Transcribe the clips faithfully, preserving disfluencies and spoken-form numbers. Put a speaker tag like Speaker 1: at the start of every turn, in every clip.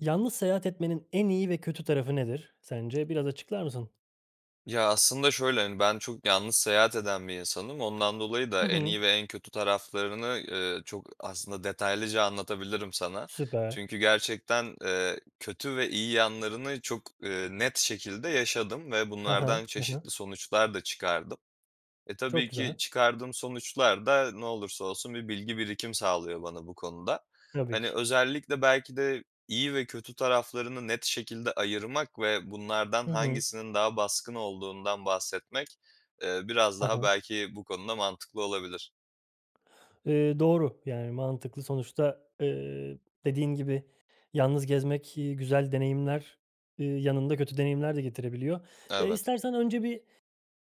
Speaker 1: Yalnız seyahat etmenin en iyi ve kötü tarafı nedir sence? Biraz açıklar mısın?
Speaker 2: Ya, aslında şöyle, hani, ben çok yalnız seyahat eden bir insanım. Ondan dolayı da
Speaker 1: Hı
Speaker 2: en
Speaker 1: hı.
Speaker 2: iyi veren kötü taraflarını, eee, çok aslında detaylıca anlatabilirim sana.
Speaker 1: Süper.
Speaker 2: Çünkü gerçekten, eee, kötü ve iyi yanlarını çok, eee, net şekilde yaşadım ve
Speaker 1: Ha ha,
Speaker 2: bunlardan
Speaker 1: hı hı.
Speaker 2: çeşitli sonuçlar da çıkardım. E,
Speaker 1: Çok
Speaker 2: tabii ki
Speaker 1: güzel.
Speaker 2: çıkardığım sonuçlar da ne olursa olsun bir bilgi birikim sağlıyor bana bu konuda.
Speaker 1: Tabii
Speaker 2: Hani,
Speaker 1: ki.
Speaker 2: özellikle belki de iyi ve kötü taraflarını net şekilde ayırmak ve bunlardan
Speaker 1: Hı hı.
Speaker 2: hangisinin daha baskın olduğundan bahsetmek, eee, biraz
Speaker 1: Ha
Speaker 2: daha
Speaker 1: ha.
Speaker 2: belki bu konuda mantıklı olabilir.
Speaker 1: Eee, doğru, yani, mantıklı. Sonuçta, ııı, dediğin gibi yalnız gezmek, eee, güzel deneyimler, eee, yanında kötü deneyimler de getirebiliyor. Eee,
Speaker 2: Evet.
Speaker 1: istersen önce bir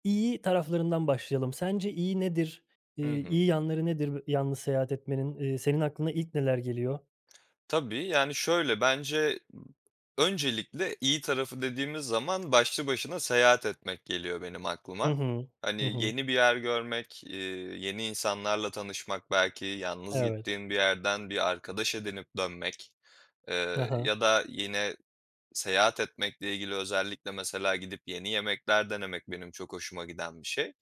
Speaker 1: iyi taraflarından başlayalım. Sence iyi nedir, eee,
Speaker 2: Hı hı.
Speaker 1: iyi yanları nedir yalnız seyahat etmenin? Eee, senin aklına ilk neler geliyor?
Speaker 2: Tabii, yani, şöyle bence, ımm, öncelikle iyi tarafı dediğimiz zaman başlı başına seyahat etmek geliyor benim
Speaker 1: Hı
Speaker 2: aklıma.
Speaker 1: hı.
Speaker 2: Hani,
Speaker 1: Hı hı.
Speaker 2: yeni bir yer görmek, eee, yeni insanlarla tanışmak, belki yalnız
Speaker 1: Evet.
Speaker 2: gittiğin bir yerden bir arkadaş edinip dönmek,
Speaker 1: Hı
Speaker 2: eee,
Speaker 1: hı.
Speaker 2: ya da yine seyahat etmekle ilgili özellikle mesela gidip yeni yemekler denemek benim çok hoşuma giden bir şey.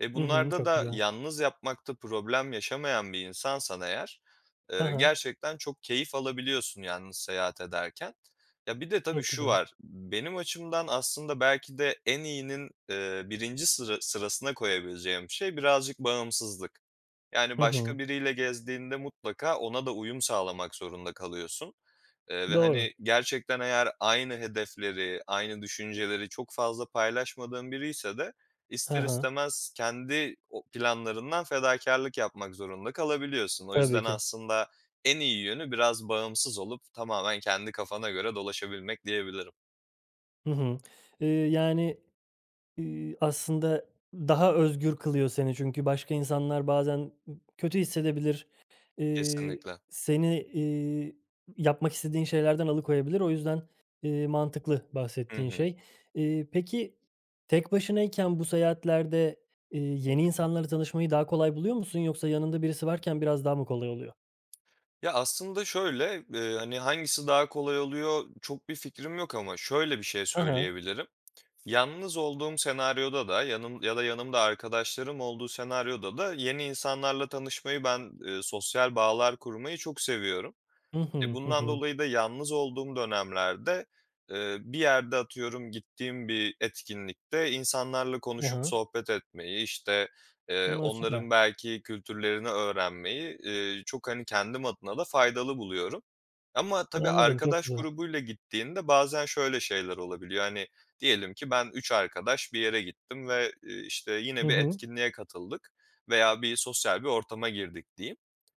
Speaker 2: E,
Speaker 1: Hı hı,
Speaker 2: bunlarda
Speaker 1: çok
Speaker 2: da
Speaker 1: güzel.
Speaker 2: yalnız yapmakta problem yaşamayan bir insansan eğer,
Speaker 1: Hı
Speaker 2: eee,
Speaker 1: hı.
Speaker 2: gerçekten çok keyif alabiliyorsun yalnız seyahat ederken. Ya, bir de tabii
Speaker 1: Çok
Speaker 2: şu
Speaker 1: güzel.
Speaker 2: var. Benim açımdan aslında belki de en iyinin, eee, birince sıra sırasına koyabileceğim şey birazcık bağımsızlık. Yani,
Speaker 1: Hı
Speaker 2: başka
Speaker 1: hı.
Speaker 2: biriyle gezdiğinde mutlaka ona da uyum sağlamak zorunda kalıyorsun, eee, ve,
Speaker 1: Doğru.
Speaker 2: hani, gerçekten eğer aynı hedefleri, aynı düşünceleri çok fazla paylaşmadığın biriyse de
Speaker 1: Ha
Speaker 2: ister
Speaker 1: ha.
Speaker 2: istemez kendi o planlarından fedakârlık yapmak zorunda kalabiliyorsun. O
Speaker 1: Tabii
Speaker 2: yüzden
Speaker 1: ki.
Speaker 2: aslında en iyi yönü biraz bağımsız olup tamamen kendi kafana göre dolaşabilmek diyebilirim.
Speaker 1: Hı hı. Eee, yani, eee, aslında daha özgür kılıyor seni. Çünkü başka insanlar bazen b kötü hissedebilir. Eee,
Speaker 2: Kesinlikle.
Speaker 1: seni, eee, yapmak istediğin şeylerden alıkoyabilir. O yüzden, eee, mantıklı
Speaker 2: Hı
Speaker 1: bahsettiğin
Speaker 2: hı.
Speaker 1: şey. Eee, peki tek başınayken bu seyahatlerde, eee, yeni insanlarla tanışmayı daha kolay buluyor musun yoksa yanında birisi varken biraz daha mı kolay oluyor?
Speaker 2: Ya, aslında şöyle, eee, hani, hangisi daha kolay oluyor? Çok bir fikrim yok ama şöyle bir şey
Speaker 1: Hı hı.
Speaker 2: söyleyebilirim. Yalnız olduğum senaryoda da yanım ya da yanımda arkadaşlarım olduğu senaryoda da yeni insanlarla tanışmayı ben, eee, sosyal bağlar kurmayı çok seviyorum.
Speaker 1: Hı
Speaker 2: E,
Speaker 1: hı, hı
Speaker 2: bundan
Speaker 1: hı.
Speaker 2: dolayı da yalnız olduğum dönemlerde, eee, bir yerde atıyorum gittiğim bir etkinlikte insanlarla
Speaker 1: Hı
Speaker 2: konuşup
Speaker 1: hı.
Speaker 2: sohbet etmeyi, işte, eee,
Speaker 1: A, süper.
Speaker 2: onların belki kültürlerini öğrenmeyi, eee, çok hani kendim adına da faydalı buluyorum ama tabii
Speaker 1: Anladım. Çok
Speaker 2: arkadaş
Speaker 1: güzel.
Speaker 2: grubuyla gittiğinde bazen şöyle şeyler olabiliyor. Hani diyelim ki ben üç arkadaş bir yere gittim ve, eee, işte
Speaker 1: Hı
Speaker 2: yine bir
Speaker 1: hı.
Speaker 2: etkinliğe katıldık veya bir sosyal bir ortama girdik diyeyim.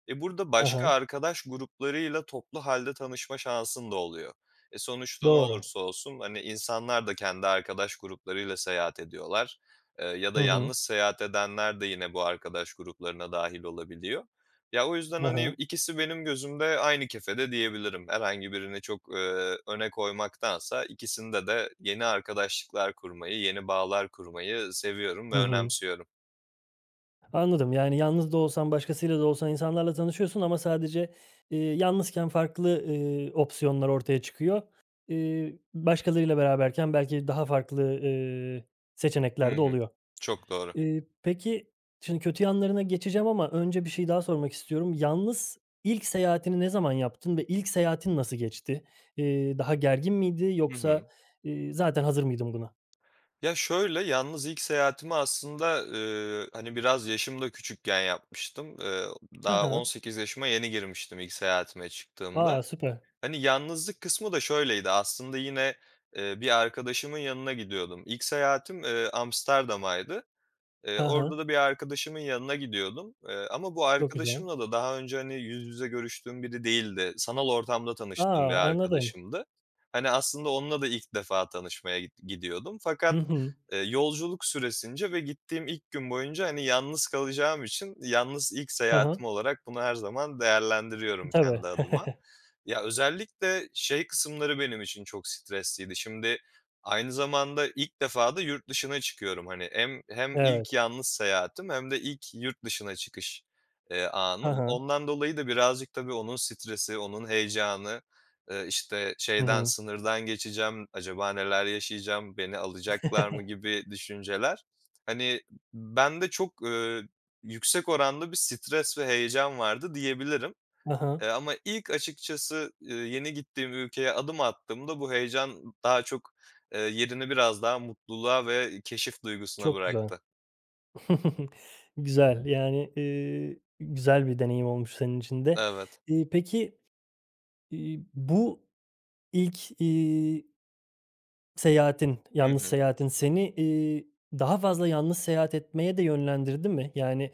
Speaker 2: E, burada
Speaker 1: Ha
Speaker 2: başka
Speaker 1: ha.
Speaker 2: arkadaş gruplarıyla toplu halde tanışma şansın da oluyor. E, sonuçta ne
Speaker 1: Doğru.
Speaker 2: olursa olsun, hani, insanlar da kendi arkadaş gruplarıyla seyahat ediyorlar, eee, ya
Speaker 1: Hı
Speaker 2: da
Speaker 1: hı.
Speaker 2: yalnız seyahat edenler de yine bu arkadaş gruplarına dâhil olabiliyor. Ya, o yüzden,
Speaker 1: Hı
Speaker 2: hani,
Speaker 1: hı.
Speaker 2: ikisi benim gözümde aynı kefede diyebilirim. Herhangi birini çok, eee, öne koymaktansa ikisinde de yeni arkadaşlıklar kurmayı, yeni bağlar kurmayı seviyorum ve
Speaker 1: Hı hı.
Speaker 2: önemsiyorum.
Speaker 1: Anladım. Yani, yalnız da olsan, başkasıyla da olsan insanlarla tanışıyorsun ama sadece, iii, yalnızken farklı, ııı, opsiyonlar ortaya çıkıyor. İii, başkalarıyla beraberken belki daha farklı, ııı,
Speaker 2: Hı
Speaker 1: seçenekler de
Speaker 2: hı.
Speaker 1: oluyor.
Speaker 2: Çok doğru.
Speaker 1: Iıı, peki, şimdi kötü yanlarına geçeceğim ama önce bir şey daha sormak istiyorum. Yalnız ilk seyahatini ne zaman yaptın ve ilk seyahatin nasıl geçti? İii, daha gergin miydi
Speaker 2: Hı hı.
Speaker 1: yoksa, iii, zaten hazır mıydın buna?
Speaker 2: Ya şöyle, yalnız ilk seyahatimi aslında, ııı, hani, biraz yaşım da küçükken yapmıştım. Iıı,
Speaker 1: He
Speaker 2: daha on
Speaker 1: he.
Speaker 2: sekiz yaşıma yeni girmiştim ilk seyahatime çıktığımda.
Speaker 1: A, süper.
Speaker 2: Hani, yalnızlık kısmı da şöyleydi, aslında yine, ııı, bir arkadaşımın yanına gidiyordum. İlk seyahatim, ııı, Amsterdam'aydı. Eee,
Speaker 1: He he.
Speaker 2: orada da bir arkadaşımın yanına gidiyordum, eee, ama bu
Speaker 1: Çok güzel.
Speaker 2: arkadaşımla da daha önce, hani, yüz yüze görüştüğüm biri değildi. Sanal ortamda
Speaker 1: A,
Speaker 2: tanıştığım bir
Speaker 1: anladım.
Speaker 2: arkadaşımdı. Hani, aslında onunla da ilk defa tanışmaya git gidiyordum.
Speaker 1: Hı
Speaker 2: Fakat,
Speaker 1: hı.
Speaker 2: eee, yolculuk süresince ve gittiğim ilk gün boyunca, hani, yalnız kalacağım için yalnız ilk
Speaker 1: Hı hı.
Speaker 2: seyahatim olarak bunu her zaman değerlendiriyorum
Speaker 1: Tabii.
Speaker 2: kendi adıma. Ya, özellikle şey kısımları benim için çok stresliydi. Şimdi aynı zamanda ilk defa da yurt dışına çıkıyorum hani. Hem hem ilk
Speaker 1: Evet.
Speaker 2: yalnız seyahatim hem de ilk yurt dışına çıkış, eee,
Speaker 1: Hı
Speaker 2: anım.
Speaker 1: hı.
Speaker 2: Ondan dolayı da birazcık tabii onun stresi, onun heyecanı, ııı, işte,
Speaker 1: Hı
Speaker 2: şeyden,
Speaker 1: hı.
Speaker 2: sınırdan geçeceğim, acaba neler yaşayacağım, beni alacaklar mı, gibi düşünceler. Hani, b bende çok, ııı, yüksek oranda bir stres ve heyecan vardı diyebilirim.
Speaker 1: Hı
Speaker 2: Eee,
Speaker 1: hı.
Speaker 2: ama ilk açıkçası, ııı, yeni gittiğim ülkeye adım attığımda bu heyecan daha çok, eee, yerini biraz daha mutluluğa ve keşif duygusuna
Speaker 1: Çok güzel.
Speaker 2: bıraktı.
Speaker 1: Güzel, yani, ııı, güzel bir deneyim olmuş senin için de.
Speaker 2: Evet.
Speaker 1: İii, peki, iii, bu ilk, iii seyahatin,
Speaker 2: Hı
Speaker 1: yalnız
Speaker 2: hı.
Speaker 1: seyahatin seni, iii, daha fazla yalnız seyahat etmeye de yönlendirdi mi? Yani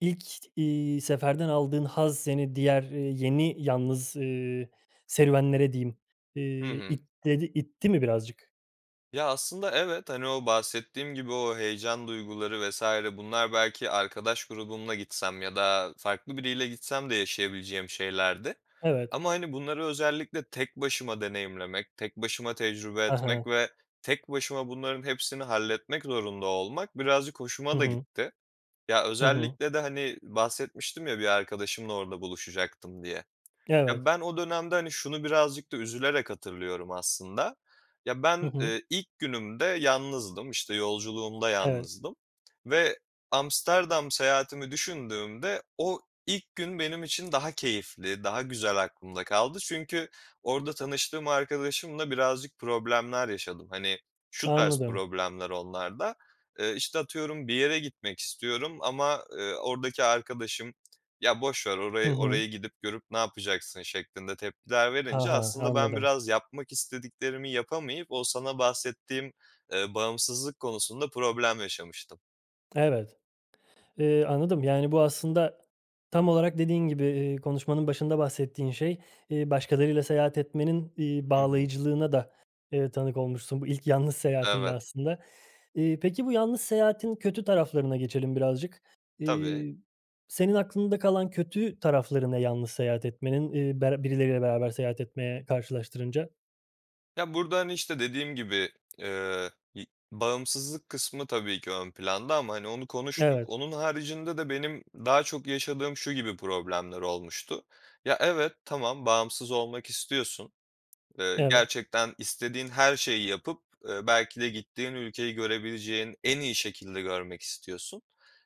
Speaker 1: ilk, iii, seferden aldığın haz seni diğer, iii, yeni, yalnız, ııı, serüvenlere diyeyim, ııı,
Speaker 2: Hı hı.
Speaker 1: itledi itti mi birazcık?
Speaker 2: Ya, aslında, evet, hani, o bahsettiğim gibi o heyecan duyguları vs. bunlar belki arkadaş grubumla gitsem ya da farklı biriyle gitsem de yaşayabileceğim şeylerdi
Speaker 1: Evet.
Speaker 2: ama, hani, bunları özellikle tek başıma deneyimlemek, tek başıma tecrübe
Speaker 1: Ha
Speaker 2: etmek
Speaker 1: ha.
Speaker 2: ve tek başıma bunların hepsini halletmek zorunda olmak birazcık
Speaker 1: Hı
Speaker 2: hoşuma da
Speaker 1: hı.
Speaker 2: gitti. Ya
Speaker 1: Hı hı.
Speaker 2: özellikle de, hani, bahsetmiştim ya bir arkadaşımla orada buluşacaktım diye. Ya,
Speaker 1: Evet.
Speaker 2: ben o dönemde, hani, şunu birazcık da üzülerek hatırlıyorum aslında. Ya,
Speaker 1: Hı
Speaker 2: ben,
Speaker 1: hı.
Speaker 2: ııı, ilk günümde yalnızdım, işte, yolculuğumda
Speaker 1: Evet.
Speaker 2: yalnızdım ve Amsterdam seyahatimi düşündüğümde o ilk gün benim için daha keyifli, daha güzel aklımda kaldı. Çünkü orada tanıştığım arkadaşımla birazcık problemler yaşadım. Hani, şu tarz
Speaker 1: Anladım.
Speaker 2: problemler onlar da: Eee, işte, atıyorum, bir yere gitmek istiyorum ama, ııı, oradaki arkadaşım "Ya, boş ver
Speaker 1: Hı
Speaker 2: orayı,
Speaker 1: hı.
Speaker 2: oraya gidip, görüp ne yapacaksın?" şeklinde tepkiler
Speaker 1: Ha
Speaker 2: verince
Speaker 1: ha, ha,
Speaker 2: aslında ben
Speaker 1: anladım.
Speaker 2: biraz yapmak istediklerimi yapamayıp o sana bahsettiğim, ııı, bağımsızlık konusunda problem yaşamıştım.
Speaker 1: Evet, eee, anladım. Yani, bu aslında tam olarak dediğin gibi, iii, konuşmanın başında bahsettiğin şey, iii, başkalarıyla seyahat etmenin, iii,
Speaker 2: Hı hı.
Speaker 1: bağlayıcılığına da, ııı, tanık olmuşsun. Bu ilk yalnız seyahatinde
Speaker 2: Evet.
Speaker 1: aslında. İii, peki, bu yalnız seyahatin kötü taraflarına geçelim birazcık.
Speaker 2: Tabii.
Speaker 1: İii, senin aklında kalan kötü tarafları ne yalnız seyahat etmenin, iii, bera birileriyle beraber seyahat etmeye karşılaştırınca?
Speaker 2: Ya, burada, hani, işte dediğim gibi, eee, bağımsızlık kısmı tabii ki ön planda ama, hani, onu konuştuk.
Speaker 1: Evet.
Speaker 2: Onun haricinde de benim daha çok yaşadığım şu gibi problemler olmuştu. Ya, evet, tamam, bağımsız olmak istiyorsun. Eee,
Speaker 1: Evet.
Speaker 2: gerçekten istediğin her şeyi yapıp, eee, belki de gittiğin ülkeyi görebileceğin en iyi şekilde görmek istiyorsun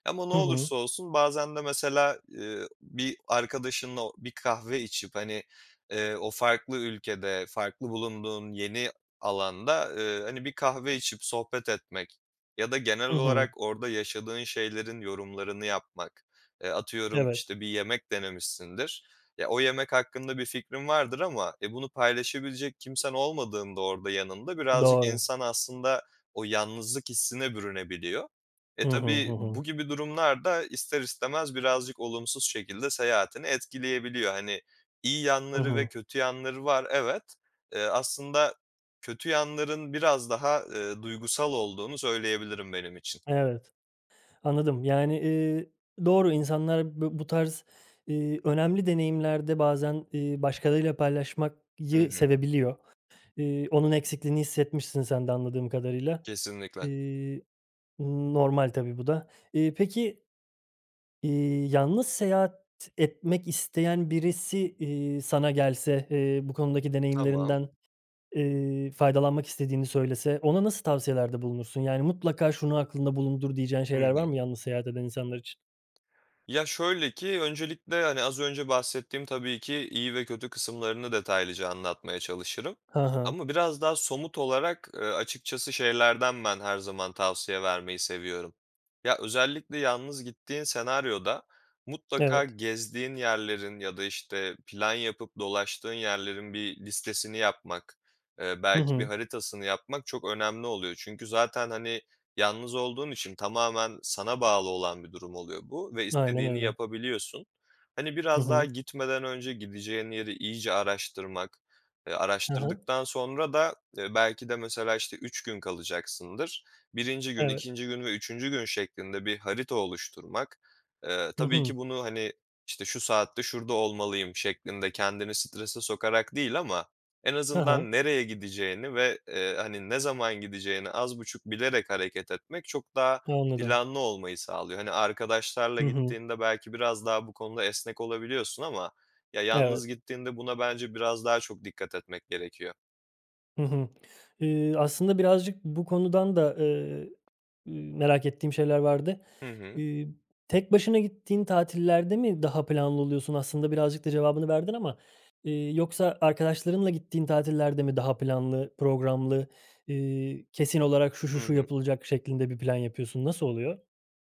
Speaker 2: ama ne
Speaker 1: Hı hı.
Speaker 2: olursa olsun bazen de mesela, eee, bir arkadaşınla o bir kahve içip, hani, eee, o farklı ülkede, farklı bulunduğun yeni alanda, eee, hani, bir kahve içip sohbet etmek ya da genel
Speaker 1: Hı
Speaker 2: olarak
Speaker 1: hı.
Speaker 2: orada yaşadığın şeylerin yorumlarını yapmak, eee, atıyorum,
Speaker 1: Evet.
Speaker 2: işte, bir yemek denemişsindir. Ya, o yemek hakkında bir fikrin vardır ama, e, bunu paylaşabilecek kimsen olmadığında orada, yanında birazcık
Speaker 1: Doğru.
Speaker 2: insan aslında o yalnızlık hissine bürünebiliyor. E,
Speaker 1: Hı hı. Hı
Speaker 2: tabii
Speaker 1: hı.
Speaker 2: bu gibi durumlar da ister istemez birazcık olumsuz şekilde seyahatini etkileyebiliyor. Hani, iyi
Speaker 1: Hı
Speaker 2: yanları ve
Speaker 1: hı.
Speaker 2: kötü yanları var, evet. Eee, aslında kötü yanların biraz daha, eee, duygusal olduğunu söyleyebilirim benim için.
Speaker 1: Evet. Anladım. Yani, eee, doğru, insanlar bı bu tarz, eee, önemli deneyimlerde bazen, eee, başkalarıyla
Speaker 2: Hı
Speaker 1: paylaşmakyı
Speaker 2: hı.
Speaker 1: sevebiliyor. Eee, onun eksikliğini hissetmişsin sen de anladığım kadarıyla.
Speaker 2: Kesinlikle.
Speaker 1: Eee, normal, tabii, bu da. Eee, peki, eee, yalnız seyahat etmek isteyen birisi, eee, sana gelse, eee, bu konudaki
Speaker 2: Tamam.
Speaker 1: deneyimlerinden, eee, faydalanmak istediğini söylese ona nasıl tavsiyelerde bulunursun? Yani, mutlaka şunu aklında bulundur diyeceğin
Speaker 2: Hı
Speaker 1: şeyler var
Speaker 2: hı.
Speaker 1: mı yalnız seyahat eden insanlar için?
Speaker 2: Ya, şöyle ki öncelikle, hani, az önce bahsettiğim tabii ki iyi ve kötü kısımlarını detaylıca anlatmaya çalışırım.
Speaker 1: Ha ha.
Speaker 2: Ama biraz daha somut olarak, eee, açıkçası şeylerden ben, her zaman tavsiye vermeyi seviyorum. Ya, özellikle yalnız gittiğin senaryoda mutlaka
Speaker 1: Evet.
Speaker 2: gezdiğin yerlerin ya da, işte, plan yapıp dolaştığın yerlerin bir listesini yapmak, eee,
Speaker 1: Hı
Speaker 2: belki bir
Speaker 1: hı.
Speaker 2: haritasını yapmak çok önemli oluyor. Çünkü zaten, hani, yalnız olduğun için tamamen sana bağlı olan bir durum oluyor bu ve
Speaker 1: Aynen
Speaker 2: istediğini
Speaker 1: öyle.
Speaker 2: yapabiliyorsun. Hani,
Speaker 1: Hı
Speaker 2: biraz daha
Speaker 1: hı.
Speaker 2: gitmeden önce gideceğin yeri iyice araştırmak, eee,
Speaker 1: Hı hı.
Speaker 2: araştırdıktan sonra da, eee, belki de mesela, işte, üç gün kalacaksındır. Birinci gün,
Speaker 1: Evet.
Speaker 2: ikinci gün ve üçüncü gün şeklinde bir harita oluşturmak, eee,
Speaker 1: Hı
Speaker 2: tabii
Speaker 1: hı.
Speaker 2: ki bunu, hani, işte, şu saatte şurada olmalıyım, şeklinde kendini strese sokarak değil ama en
Speaker 1: Hı hı.
Speaker 2: azından nereye gideceğini ve, eee, hani, ne zaman gideceğini az buçuk bilerek hareket etmek çok daha
Speaker 1: Anladım.
Speaker 2: planlı olmayı sağlıyor. Hani, arkadaşlarla
Speaker 1: Hı hı.
Speaker 2: gittiğinde belki biraz daha bu konuda esnek olabiliyorsun ama ya,
Speaker 1: Evet.
Speaker 2: yalnız gittiğinde buna bence biraz daha çok dikkat etmek gerekiyor.
Speaker 1: Hı hı. Eee, aslında birazcık bu konudan da, eee, ııı, merak ettiğim şeyler vardı.
Speaker 2: Hı hı.
Speaker 1: Eee, tek başına gittiğin tatillerde mi daha planlı oluyorsun? Aslında birazcık da cevabını verdin ama, eee, yoksa arkadaşlarınla gittiğin tatillerde mi daha planlı, programlı, eee, kesin olarak şu, şu,
Speaker 2: Hı
Speaker 1: şu
Speaker 2: hı.
Speaker 1: yapılacak şeklinde bir plan yapıyorsun. Nasıl oluyor?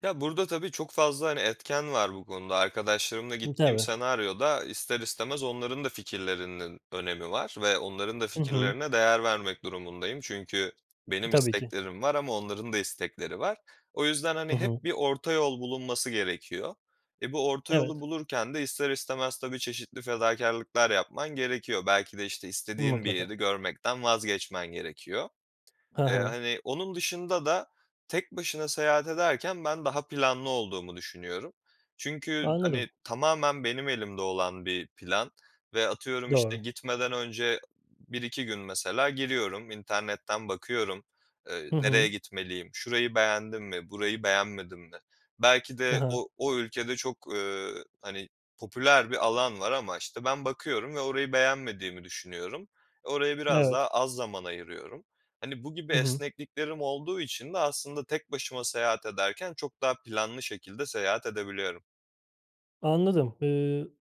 Speaker 2: Ya, burada tabii çok fazla, hani, etken var bu konuda. Arkadaşlarımla
Speaker 1: Imm,
Speaker 2: gittiğim
Speaker 1: tabii.
Speaker 2: senaryoda ister istemez onların da fikirlerinin önemi var ve onların da
Speaker 1: Hı hı.
Speaker 2: fikirlerine değer vermek durumundayım. Çünkü benim
Speaker 1: Tabii ki.
Speaker 2: isteklerim var ama onların da istekleri var. O yüzden,
Speaker 1: Hı
Speaker 2: hani, hep
Speaker 1: hı.
Speaker 2: bir orta yol bulunması gerekiyor. E, bu orta yolu
Speaker 1: Evet.
Speaker 2: bulurken de ister istemez tabii çeşitli fedakârlıklar yapman gerekiyor. Belki de işte istediğin bir yeri
Speaker 1: Mutlaka.
Speaker 2: görmekten vazgeçmen gerekiyor.
Speaker 1: Hı
Speaker 2: Eee,
Speaker 1: hı.
Speaker 2: hani, onun dışında da tek başına seyahat ederken ben daha planlı olduğumu düşünüyorum. Çünkü,
Speaker 1: Anladım.
Speaker 2: hani, tamamen benim elimde olan bir plan ve atıyorum işte
Speaker 1: Doğru.
Speaker 2: gitmeden önce b bir iki gün mesela giriyorum. İnternetten bakıyorum. Eee,
Speaker 1: Hı
Speaker 2: nereye
Speaker 1: hı.
Speaker 2: gitmeliyim? Şurayı beğendim mi? Burayı beğenmedim mi? Belki
Speaker 1: Ha
Speaker 2: de
Speaker 1: ha.
Speaker 2: o o ülkede çok, eee, hani, popüler bir alan var ama işte ben bakıyorum ve orayı beğenmediğimi düşünüyorum. E, oraya biraz daha
Speaker 1: Evet.
Speaker 2: az zaman ayırıyorum. Hani, bu gibi
Speaker 1: Hı hı.
Speaker 2: esnekliklerim olduğu için de aslında tek başıma seyahat ederken çok daha planlı şekilde seyahat edebiliyorum.
Speaker 1: Anladım. Iıı,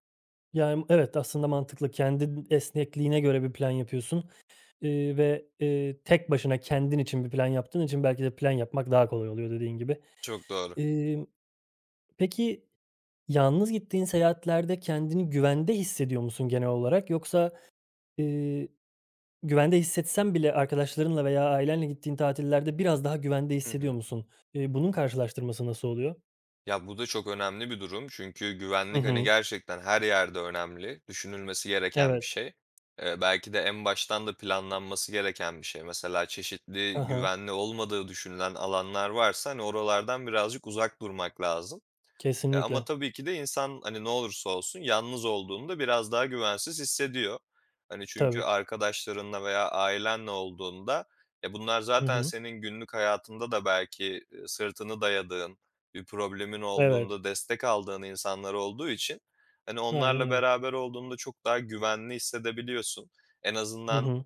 Speaker 1: yani, evet, aslında mantıklı. Kendin esnekliğine göre bir plan yapıyorsun, eee, ve, eee, tek başına kendin için bir plan yaptığın için belki de plan yapmak daha kolay oluyor dediğin gibi.
Speaker 2: Çok doğru.
Speaker 1: Eee, peki yalnız gittiğin seyahatlerde kendini güvende hissediyor musun genel olarak? Yoksa, eee, güvende hissetsen bile arkadaşlarınla veya ailenle gittiğin tatillerde biraz daha güvende
Speaker 2: Hı
Speaker 1: hissediyor
Speaker 2: hı.
Speaker 1: musun? Eee, bunun karşılaştırması nasıl oluyor?
Speaker 2: Ya, bu da çok önemli bir durum çünkü
Speaker 1: Hı
Speaker 2: güvenlik, hani,
Speaker 1: hı.
Speaker 2: gerçekten her yerde önemli, düşünülmesi gereken bir
Speaker 1: Evet.
Speaker 2: şey. Eee, belki de en baştan da planlanması gereken bir şey. Mesela,
Speaker 1: Hı
Speaker 2: çeşitli
Speaker 1: hı.
Speaker 2: güvenli olmadığı düşünülen alanlar varsa, hani, oralardan birazcık uzak durmak lazım. E, ama
Speaker 1: Kesinlikle.
Speaker 2: tabii ki de insan, hani, ne olursa olsun yalnız olduğunda biraz daha güvensiz hissediyor. Hani, çünkü
Speaker 1: Tabii ki.
Speaker 2: arkadaşlarınla veya ailenle olduğunda, e, bunlar
Speaker 1: Hı
Speaker 2: zaten
Speaker 1: hı.
Speaker 2: senin günlük hayatında da belki, ııı, sırtını dayadığın, bir problemin
Speaker 1: Evet.
Speaker 2: olduğunda destek aldığın insanlar olduğu için, hani,
Speaker 1: Aynen
Speaker 2: onlarla
Speaker 1: öyle.
Speaker 2: beraber olduğunda çok daha güvenli hissedebiliyorsun. En
Speaker 1: Hı
Speaker 2: azından,
Speaker 1: hı.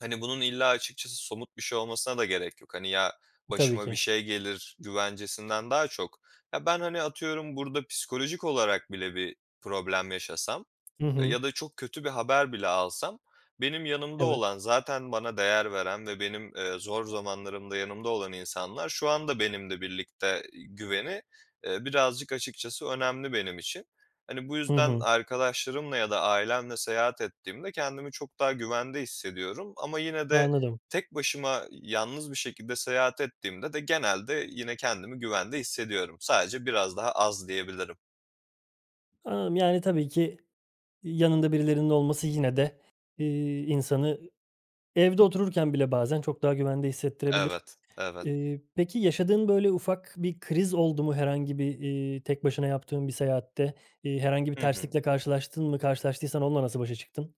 Speaker 2: hani, bunun illa açıkçası somut bir şey olmasına da gerek yok. Hani, ya,
Speaker 1: Tabii
Speaker 2: başıma bir
Speaker 1: ki.
Speaker 2: şey gelir güvencesinden daha çok, ya ben, hani, atıyorum burada psikolojik olarak bile bir problem yaşasam,
Speaker 1: Hı
Speaker 2: eee,
Speaker 1: hı.
Speaker 2: ya da çok kötü bir haber bile alsam, benim yanımda
Speaker 1: Evet.
Speaker 2: olan zaten bana değer veren ve benim, eee, zor zamanlarımda yanımda olan insanlar şu anda benimle birlikte, ııı, güveni, eee, birazcık açıkçası önemli benim için. Hani, bu
Speaker 1: Hı
Speaker 2: yüzden
Speaker 1: hı.
Speaker 2: arkadaşlarımla ya da ailemle seyahat ettiğimde kendimi çok daha güvende hissediyorum ama yine de
Speaker 1: Anladım.
Speaker 2: tek başıma, ııı, yalnız bir şekilde seyahat ettiğimde de genelde yine kendimi güvende hissediyorum. Sadece biraz daha az diyebilirim.
Speaker 1: Anladım. Yani, tabii ki, iii, yanında birilerinin olması yine de, iii, insanı evde otururken bile bazen çok daha güvende hissettirebilir.
Speaker 2: Evet, evet.
Speaker 1: Eee, peki, yaşadığın böyle ufak bir kriz oldu mu herhangi bir, eee, tek başına yaptığın bir seyahatte? İii, herhangi bir
Speaker 2: Hı hı.
Speaker 1: terslikle karşılaştın mı? Karşılaştıysan onunla nasıl başa çıktın?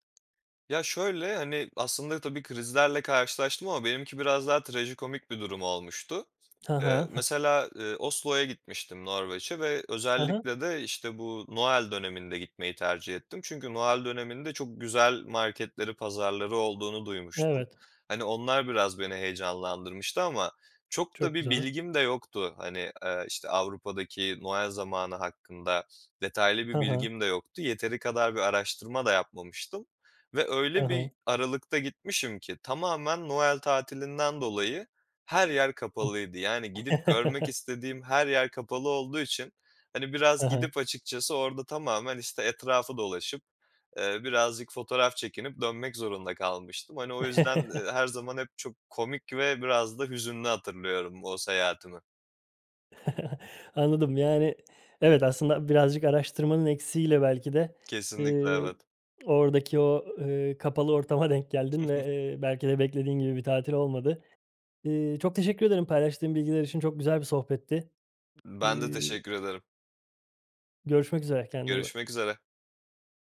Speaker 2: Ya, şöyle, hani, aslında tabii krizlerle karşılaştım ama benimki biraz daha trajikomik bir durum olmuştu.
Speaker 1: Hı
Speaker 2: Eee,
Speaker 1: hı. Ha.
Speaker 2: mesela, eee, Oslo'ya gitmiştim, Norveç'e ve
Speaker 1: Hı hı.
Speaker 2: özellikle de, işte, bu Noel döneminde gitmeyi tercih ettim. Çünkü Noel döneminde çok güzel marketleri, pazarları olduğunu duymuştum.
Speaker 1: Evet.
Speaker 2: Hani, onlar biraz beni heyecanlandırmıştı ama çok da
Speaker 1: Çok
Speaker 2: bir
Speaker 1: güzel.
Speaker 2: bilgim de yoktu. Hani, eee, işte, Avrupa'daki Noel zamanı hakkında detaylı
Speaker 1: Hı
Speaker 2: bir
Speaker 1: hı.
Speaker 2: bilgim de yoktu. Yeteri kadar bir araştırma da yapmamıştım ve
Speaker 1: Hı
Speaker 2: öyle bir
Speaker 1: hı.
Speaker 2: aralıkta gitmişim ki tamamen Noel tatilinden dolayı her yer kapalıydı. Yani, gidip görmek istediğim her yer kapalı olduğu için, hani,
Speaker 1: Hı
Speaker 2: biraz
Speaker 1: hı.
Speaker 2: gidip açıkçası orada tamamen, işte, etrafı dolaşıp, eee, birazcık fotoğraf çekinip dönmek zorunda kalmıştım. Hani, o yüzden, eee, her zaman hep çok komik ve biraz da hüzünlü hatırlıyorum o seyahatimi.
Speaker 1: Anladım. Yani, evet, aslında birazcık araştırmanın eksiğiyle belki de,
Speaker 2: Kesinlikle,
Speaker 1: eee,
Speaker 2: evet.
Speaker 1: oradaki o, eee, kapalı ortama denk geldin ve, eee, belki de beklediğin gibi bir tatil olmadı. Eee, çok teşekkür ederim, paylaştığın bilgiler için. Çok güzel bir sohbetti.
Speaker 2: Ben de
Speaker 1: Eee
Speaker 2: teşekkür ederim.
Speaker 1: Görüşmek üzere. Kendine iyi bak.
Speaker 2: Görüşmek üzere.